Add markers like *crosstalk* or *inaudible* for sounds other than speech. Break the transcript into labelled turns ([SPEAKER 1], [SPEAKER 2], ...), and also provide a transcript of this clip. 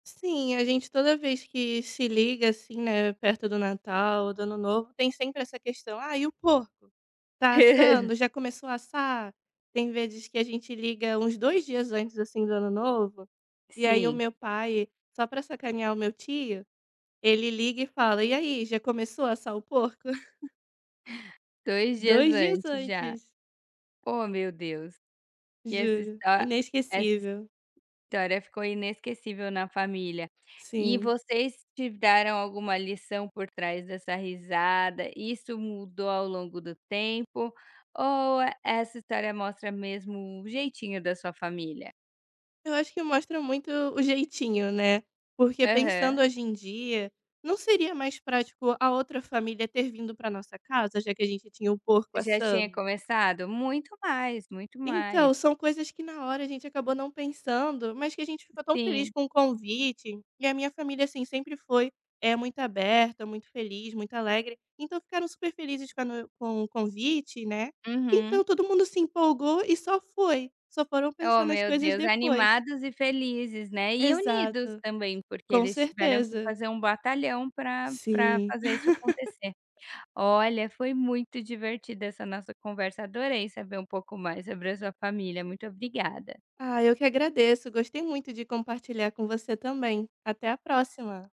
[SPEAKER 1] Sim, a gente toda vez que se liga, assim, né, perto do Natal ou do Ano Novo, tem sempre essa questão: "Ah, e o porco? Tá
[SPEAKER 2] *laughs*
[SPEAKER 1] assando? Já começou assar?". Tem vezes que a gente liga uns 2 dias antes, assim, do Ano Novo, e aí o
[SPEAKER 2] Sim.
[SPEAKER 1] meu pai, só para sacanear o meu tio, ele liga e fala: "E aí, já começou a assar o porco?". *giggles*
[SPEAKER 2] 2 dias
[SPEAKER 1] 2 dias
[SPEAKER 2] antes já.
[SPEAKER 1] antes.
[SPEAKER 2] Ó meu Deus, que essa
[SPEAKER 1] Juro,
[SPEAKER 2] hista que essa
[SPEAKER 1] inesquecível.
[SPEAKER 2] história ficou inesquecível na família. E
[SPEAKER 1] Sim.
[SPEAKER 2] vocês tiveram alguma lição por trás dessa risada, isso mudou ao longo do tempo, ou e essa história mostra mesmo o jeitinho da sua família?
[SPEAKER 1] Eu acho que mostra muito o jeitinho, né, porque
[SPEAKER 2] Aham.
[SPEAKER 1] pensando hoje em dia, não seria mais prático a outra família ter vindo para nossa casa, já que a gente tinha o porco
[SPEAKER 2] Já tinha
[SPEAKER 1] assando?
[SPEAKER 2] começado? Muito mais, muito
[SPEAKER 1] Então,
[SPEAKER 2] mais.
[SPEAKER 1] são coisas que na hora a gente acabou não pensando, mas que a gente ficou tão feliz
[SPEAKER 2] Sim.
[SPEAKER 1] com o convite, e a minha família, assim, sempre foi, eh, muito aberta, muito feliz, muito alegre, então ficaram super felizes com a no com o convite, né,
[SPEAKER 2] Uhum.
[SPEAKER 1] então todo mundo se empolgou e só foi, só foram pensar
[SPEAKER 2] Ó
[SPEAKER 1] nas
[SPEAKER 2] meu
[SPEAKER 1] coisas
[SPEAKER 2] Deus
[SPEAKER 1] depois.
[SPEAKER 2] animados e felizes, né, e unidos
[SPEAKER 1] Exato,
[SPEAKER 2] também, porque
[SPEAKER 1] com
[SPEAKER 2] eles tiveram que
[SPEAKER 1] certeza.
[SPEAKER 2] fazer um batalhão pra pra
[SPEAKER 1] Sim.
[SPEAKER 2] fazer isso
[SPEAKER 1] *laughs*
[SPEAKER 2] acontecer. Olha foi muito divertida essa nossa conversa, adorei saber um pouco mais sobre a sua família, muito obrigada.
[SPEAKER 1] Ah, eu que agradeço, gostei muito de compartilhar com você também. Até a próxima.